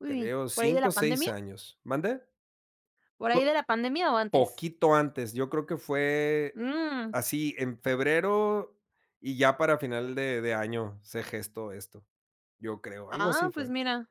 Uy, Creo, ¿por ahí de 5 la o 6 pandemia? años. ¿Mande? ¿Por ahí de [unintelligible] la pandemia o antes? Poquito antes, yo creo que fue Mm. así, en febrero, y ya para final de de año se gestó esto, yo creo. Algo Ah, así pues, fue. mira.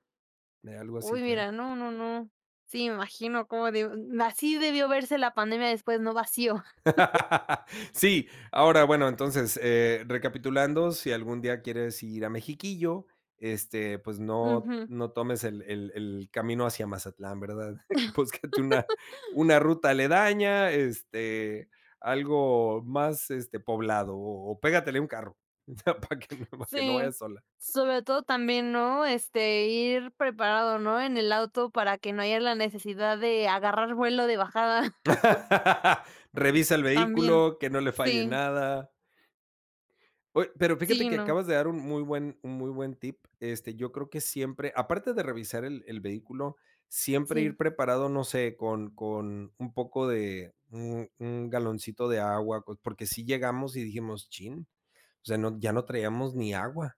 Algo así Uy, fue. mira, no, no, no. Sí, me imagino como deb así debió verse la pandemia después, ¿no?, vacío. Sí, ahora, bueno, entonces, eh recapitulando, si algún día quieres ir a Mexiquillo, este, pues, no Ujú. no tomes el el el camino hacia Mazatlán, ¿verdad? Búscate una una ruta aledaña, este, algo más, este, poblado, o o pégatele a un carro, o sea, pa que no, pa que no Sí, vayas sola. sobre todo también, ¿no? Este, ir preparado, ¿no? En el auto para que no haya la necesidad de agarrar vuelo de bajada. Revisa el También, vehículo, que no le falle sí. nada. Oye, pero Sí fíjate y que no. acabas de dar un muy buen un muy buen tip, este, yo creo que siempre aparte de revisar el el vehículo, siempre Sí. ir preparado, no sé, con con un poco de un un galoncito de agua, porque sí llegamos, y dijimos: "Chin", o sea, no, ya no traíamos ni agua,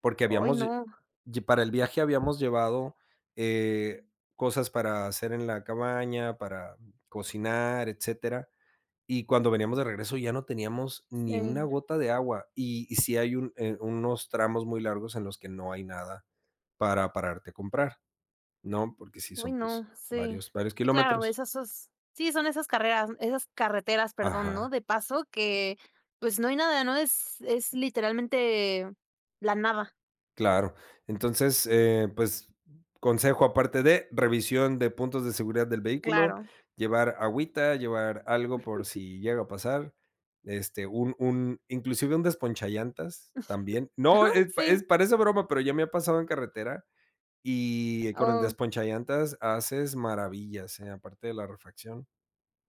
porque Oy, habíamos, no. ll para el viaje habíamos llevado, eh, cosas para hacer en la cabaña, para cocinar, etcétera. Y cuando veníamos de regreso ya no teníamos ni una Sí. gota de agua. Y y sí hay un, eh, unos tramos muy largos en los que no hay nada para pararte a comprar ¿no? porque sí Oy, son, pues, no, sí, varios varios sí, claro, kilómetros. esas sí, son esas carreras, esas carreteras, perdón, ¿no? Ajá. De paso que, pues, no hay nada, no es es literalmente la nada. Claro. Entonces, eh, pues, consejo, aparte de revisión de puntos de seguridad del vehículo, Claro. llevar agüita, llevar algo por si llega a pasar, este, un un inclusive un desponchallantas también. No, ep Sí. es parece broma, pero ya me ha pasado en carretera y con el Oh. desponchallantas haces maravillas, ¿eh? Aparte de la refracción,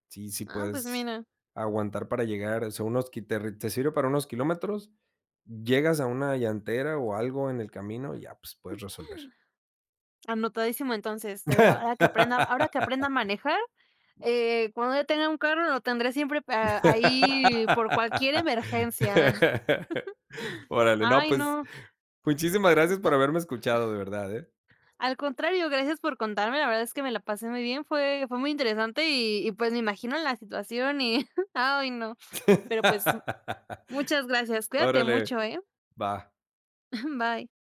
sí, sí Ah, pues puedes mira. aguantar para llegar, sea, unos te sirve para unos kilómetros, llegas a una llantera, o algo en el camino, y ya, pues, puedes resolver. Anotadísimo entonces, pero ahora que aprenda ahora que aprenda a manejar, eh, cuando ya tenga un carro lo tendré siempre pe ahí por cualquier emergencia. Órale, no, Ay, pues, no. muchísimas gracias por Da. haberme escuchado de verdad, ¿eh? Al contrario, gracias por contarme, la verdad es que me la pasé muy bien, fue fue muy interesante. Y y pues, me imagino la situación y Ay no. Pero pues, muchas gracias, cuídate Órale, mucho, ¿eh? va. Bye.